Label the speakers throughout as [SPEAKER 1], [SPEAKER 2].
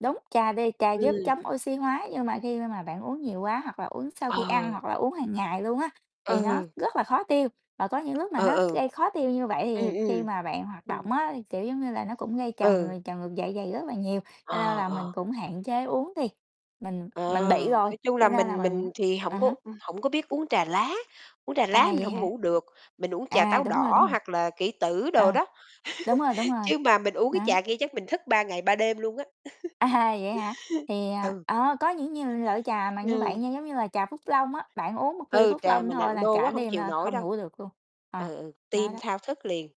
[SPEAKER 1] Đúng, trà đi trà giúp
[SPEAKER 2] Ừm.
[SPEAKER 1] chống oxy hóa nhưng mà khi mà mà bạn uống nhiều quá hoặc là uống sau khi ăn
[SPEAKER 2] Ờ.
[SPEAKER 1] hoặc là uống hàng ngày luôn á thì nó
[SPEAKER 2] Ừ.
[SPEAKER 1] rất là khó tiêu và có những lúc mà
[SPEAKER 2] Ờ,
[SPEAKER 1] nó
[SPEAKER 2] ừ.
[SPEAKER 1] gây khó tiêu như vậy
[SPEAKER 2] Ừm,
[SPEAKER 1] thì khi
[SPEAKER 2] ừm.
[SPEAKER 1] mà bạn hoạt
[SPEAKER 2] Ừm.
[SPEAKER 1] động á thì, kiểu, giống như là, nó cũng gây trào
[SPEAKER 2] Ừ.
[SPEAKER 1] ng trào ngược dạ dày rất là nhiều, cho nên
[SPEAKER 2] Ờ,
[SPEAKER 1] là mình
[SPEAKER 2] ờ.
[SPEAKER 1] cũng hạn chế uống đi, mình
[SPEAKER 2] Ờ,
[SPEAKER 1] mình bị rồi,
[SPEAKER 2] nói chung là
[SPEAKER 1] cho nên là
[SPEAKER 2] mình
[SPEAKER 1] mình
[SPEAKER 2] mình thì
[SPEAKER 1] à
[SPEAKER 2] hổng có
[SPEAKER 1] há.
[SPEAKER 2] u hổng có biết uống trà lá, uống trà
[SPEAKER 1] À,
[SPEAKER 2] lá mình
[SPEAKER 1] vậy
[SPEAKER 2] hổng
[SPEAKER 1] hả?
[SPEAKER 2] ngủ được, mình uống trà
[SPEAKER 1] À,
[SPEAKER 2] táo
[SPEAKER 1] đúng rồi, đúng
[SPEAKER 2] đỏ
[SPEAKER 1] rồi.
[SPEAKER 2] hoặc là kỷ tử đồ
[SPEAKER 1] À,
[SPEAKER 2] đó,
[SPEAKER 1] đúng rồi, đúng rồi,
[SPEAKER 2] chứ mà mình uống cái
[SPEAKER 1] đó.
[SPEAKER 2] trà kia chắc mình thức 3 ngày 3 đêm luôn á.
[SPEAKER 1] À, vậy hả? Thì, à
[SPEAKER 2] Ừ.
[SPEAKER 1] ờ, có những nhiều loại trà mà như
[SPEAKER 2] Ừm.
[SPEAKER 1] vậy nha, giống như là, trà Phúc Long á, bạn uống một ly
[SPEAKER 2] Ừ,
[SPEAKER 1] Phúc
[SPEAKER 2] trà
[SPEAKER 1] Long
[SPEAKER 2] mà
[SPEAKER 1] thôi
[SPEAKER 2] nặng
[SPEAKER 1] là
[SPEAKER 2] đô
[SPEAKER 1] cả
[SPEAKER 2] quá hông
[SPEAKER 1] đêm
[SPEAKER 2] chịu
[SPEAKER 1] là
[SPEAKER 2] nổi
[SPEAKER 1] không
[SPEAKER 2] đâu.
[SPEAKER 1] ngủ được luôn, ờ,
[SPEAKER 2] Ừ, ừ,
[SPEAKER 1] nó
[SPEAKER 2] tim
[SPEAKER 1] đó.
[SPEAKER 2] thao thức liền.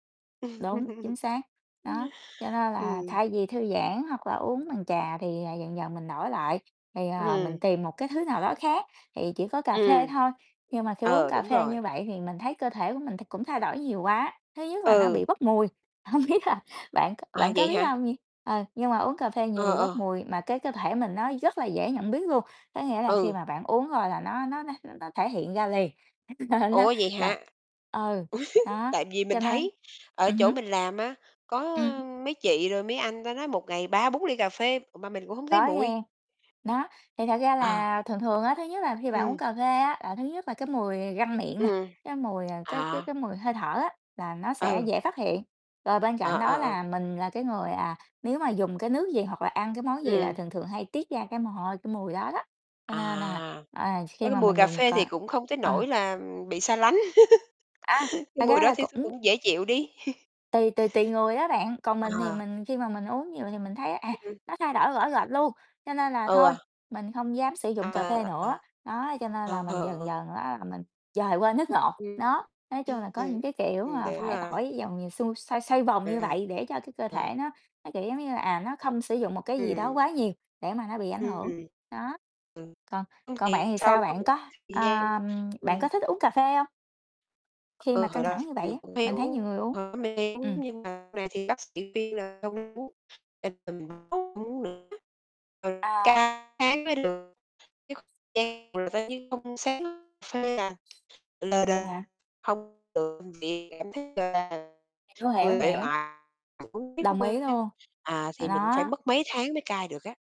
[SPEAKER 1] Đúng, chính xác, đó, cho nên là
[SPEAKER 2] Ừm.
[SPEAKER 1] thay vì thư giãn hoặc là uống bằng trà thì, à, dần dần mình đổi lại, thì, ờ, mình
[SPEAKER 2] Ừm.
[SPEAKER 1] tìm một cái thứ nào đó khác thì chỉ có cà phê
[SPEAKER 2] Ừm.
[SPEAKER 1] thôi, nhưng mà khi uống
[SPEAKER 2] Ờ,
[SPEAKER 1] cà
[SPEAKER 2] đúng
[SPEAKER 1] phê như
[SPEAKER 2] rồi.
[SPEAKER 1] vậy thì mình thấy cơ thể của mình thì cũng thay đổi nhiều quá. Thứ nhất là nó bị
[SPEAKER 2] Ừ.
[SPEAKER 1] bốc mùi, hông biết là bạn c
[SPEAKER 2] À,
[SPEAKER 1] bạn có
[SPEAKER 2] vậy
[SPEAKER 1] biết
[SPEAKER 2] hả?
[SPEAKER 1] hông nh ờ, nhưng mà uống cà phê nhiều
[SPEAKER 2] Ờ,
[SPEAKER 1] bị bốc
[SPEAKER 2] ờ.
[SPEAKER 1] mùi, mà cái cơ thể mình nó rất là dễ nhận biết luôn, có nghĩa là khi
[SPEAKER 2] Ừ.
[SPEAKER 1] mà bạn uống rồi là nó nó nó nó thể hiện ra liền, là nó
[SPEAKER 2] Ủa, vậy
[SPEAKER 1] là
[SPEAKER 2] hả?
[SPEAKER 1] ừ, đó,
[SPEAKER 2] Tại vì
[SPEAKER 1] cho
[SPEAKER 2] mình
[SPEAKER 1] nên
[SPEAKER 2] thấy ở
[SPEAKER 1] ừm
[SPEAKER 2] chỗ
[SPEAKER 1] hứm.
[SPEAKER 2] mình làm á, có
[SPEAKER 1] Ừm.
[SPEAKER 2] mấy chị rồi mấy anh, ta nói một ngày 3-4 ly cà phê mà mình cũng hông thấy
[SPEAKER 1] Có
[SPEAKER 2] mùi.
[SPEAKER 1] nghe, nó, thì thật ra
[SPEAKER 2] Ờ.
[SPEAKER 1] là thường thường á, thứ nhất là khi bạn uống
[SPEAKER 2] Ừm.
[SPEAKER 1] cà phê á là thứ nhất là cái mùi răng miệng nè,
[SPEAKER 2] Ừm,
[SPEAKER 1] cái mùi, ờ, cái cái
[SPEAKER 2] à.
[SPEAKER 1] cái mùi hơi thở á là nó sẽ
[SPEAKER 2] Ừ.
[SPEAKER 1] dễ phát hiện. Rồi bên
[SPEAKER 2] À,
[SPEAKER 1] cạnh
[SPEAKER 2] à,
[SPEAKER 1] đó
[SPEAKER 2] ừ.
[SPEAKER 1] là mình là cái người, à, nếu mà dùng cái nước gì hoặc là ăn cái món gì là
[SPEAKER 2] Ừm.
[SPEAKER 1] thường thường hay tiết ra cái mồ hôi, cái mùi đó đó, cho nên là,
[SPEAKER 2] À.
[SPEAKER 1] ờ, khi
[SPEAKER 2] Có cái
[SPEAKER 1] mà
[SPEAKER 2] mùi
[SPEAKER 1] mình
[SPEAKER 2] cà
[SPEAKER 1] dùng c
[SPEAKER 2] phê thì cũng không tới
[SPEAKER 1] ờ.
[SPEAKER 2] nỗi là, ừm, bị xa lánh,
[SPEAKER 1] À,
[SPEAKER 2] cái
[SPEAKER 1] thật
[SPEAKER 2] mùi
[SPEAKER 1] ra
[SPEAKER 2] đó
[SPEAKER 1] là
[SPEAKER 2] thì thì
[SPEAKER 1] cũng
[SPEAKER 2] cũng dễ chịu đi.
[SPEAKER 1] tùy tùy tùy người đó bạn, còn mình thì
[SPEAKER 2] À.
[SPEAKER 1] mình khi mà mình uống nhiều thì mình thấy à,
[SPEAKER 2] Ừm.
[SPEAKER 1] nó thay đổi rõ rệt luôn, cho nên là thôi,
[SPEAKER 2] Ừ.
[SPEAKER 1] mình không dám sử dụng cà phê
[SPEAKER 2] Ờ,
[SPEAKER 1] nữa, đó, cho nên
[SPEAKER 2] ờ.
[SPEAKER 1] là mình dần
[SPEAKER 2] [unintelligible]
[SPEAKER 1] dần á là mình dời qua nước ngọt.
[SPEAKER 2] Ừm,
[SPEAKER 1] Đó, nói chung là
[SPEAKER 2] ừm,
[SPEAKER 1] có những cái kiểu
[SPEAKER 2] ừm,
[SPEAKER 1] mà
[SPEAKER 2] kiểu
[SPEAKER 1] phải
[SPEAKER 2] là
[SPEAKER 1] tỏi dòng nhiều xung xoay xoay vòng như vậy để cho cái cơ thể
[SPEAKER 2] [unintelligible]
[SPEAKER 1] nó nó, kiểu giống như là, à, nó không sử dụng một cái gì đó
[SPEAKER 2] Ừm.
[SPEAKER 1] quá nhiều để mà nó bị ảnh
[SPEAKER 2] Ưm,
[SPEAKER 1] hưởng,
[SPEAKER 2] ừm.
[SPEAKER 1] đó. Còn còn bạn thì sao? Bạn có, ưm, bạn
[SPEAKER 2] Ừ.
[SPEAKER 1] có
[SPEAKER 2] [unintelligible]
[SPEAKER 1] thích uống cà phê không? Khi mà
[SPEAKER 2] Ừ, hồi
[SPEAKER 1] căng
[SPEAKER 2] đó
[SPEAKER 1] thẳng như vậy
[SPEAKER 2] thì
[SPEAKER 1] á,
[SPEAKER 2] mình cũng hay
[SPEAKER 1] mình thấy nhiều
[SPEAKER 2] uống
[SPEAKER 1] người uống,
[SPEAKER 2] [unintelligible]
[SPEAKER 1] ừm.
[SPEAKER 2] nhưng mà sau này thì bác sĩ khuyên là không nên uống [unintelligible] uống nữa [unintelligible]
[SPEAKER 1] Rồi.
[SPEAKER 2] tháng mới được [unintelligible] lờ
[SPEAKER 1] Vậy
[SPEAKER 2] đờ,
[SPEAKER 1] hả?
[SPEAKER 2] hông [unintelligible] cảm thấy, gọi là,
[SPEAKER 1] Hiểu, hiểu,
[SPEAKER 2] người uể
[SPEAKER 1] hiểu.
[SPEAKER 2] oải, tại uống riết nó
[SPEAKER 1] Đồng ý
[SPEAKER 2] quen á,
[SPEAKER 1] luôn,
[SPEAKER 2] à,
[SPEAKER 1] à,
[SPEAKER 2] thì mình cũng phải
[SPEAKER 1] đó.
[SPEAKER 2] mất mấy tháng mới cai được á.